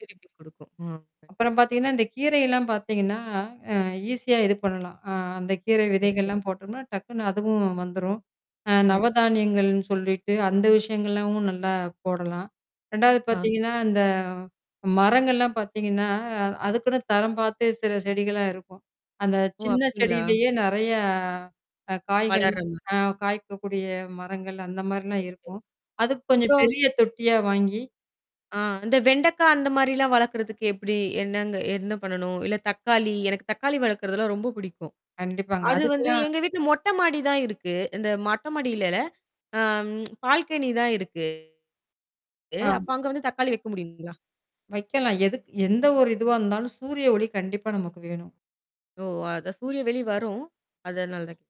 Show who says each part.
Speaker 1: திருப்பி குடுக்கும். ம்.
Speaker 2: அப்புறம் பார்த்தீங்கன்னா, இந்த கீரையெல்லாம் பார்த்தீங்கன்னா, அ ஈஸியா இது பண்ணலாம். அ அந்த கீரை
Speaker 1: ஓ! சேரி.
Speaker 2: விதைகள்லாம் போட்டோம்னா டக்குனு அதுவும் வந்துரும். அ
Speaker 1: ஓ.
Speaker 2: நவதானியங்கள்னு சொல்லிட்டு அந்த விஷயங்கள்லாவும் நல்லா போடலாம். 2வது
Speaker 1: ஆ.
Speaker 2: பார்த்தீங்கன்னா, இந்த மரங்கள்லாம் பார்த்தீங்கன்னா, அ அதுக்குன்னு தரம் பார்த்து சில செடிகள்லாம் இருக்கும். அந்த
Speaker 1: ஓ!
Speaker 2: சின்ன
Speaker 1: அப்டிங்களா.
Speaker 2: செடியிலேயே நிறையா காய்கள்
Speaker 1: வளர்ற மா
Speaker 2: அ காய்க்கக்கூடிய மரங்கள் அந்த மாதிரிலாம்
Speaker 1: [unintelligible]
Speaker 2: இருக்கும். அதுக்கு கொஞ்சம்
Speaker 1: இப்போ
Speaker 2: பெரிய தொட்டியா வாங்கி
Speaker 1: ஆ இந்த வெண்டக்காய் அந்த மாதிரிலாம் வளர்க்கறதுக்கு எப்படி? என்னங்க என்ன பண்ணணும்? இல்ல தக்காளி. எனக்கு தக்காளி வளர்க்குறதெல்லாம் ரொம்ப பிடிக்கும்.
Speaker 2: கண்டிப்பாங்க.
Speaker 1: அது வந்து
Speaker 2: அதுக்குதா
Speaker 1: எங்க வீட்டில மொட்டை மாடி தான் இருக்கு. இந்த மொட்டை மாடியிலல்ல. ஆம் பால்கனி தான் இருக்கு.
Speaker 2: ஆ.
Speaker 1: அப்ப அங்க வந்து தக்காளி வக்க முடியுங்களா?
Speaker 2: வக்கலாம். எதுக் எந்த ஒரு இதுவா இருந்தாலும், சூரிய ஒளி கண்டிப்பா நமக்கு வேணும்.
Speaker 1: ஓ! அதான் சூரிய ஒளி வரும். அதனால தான் கேட்டேன்.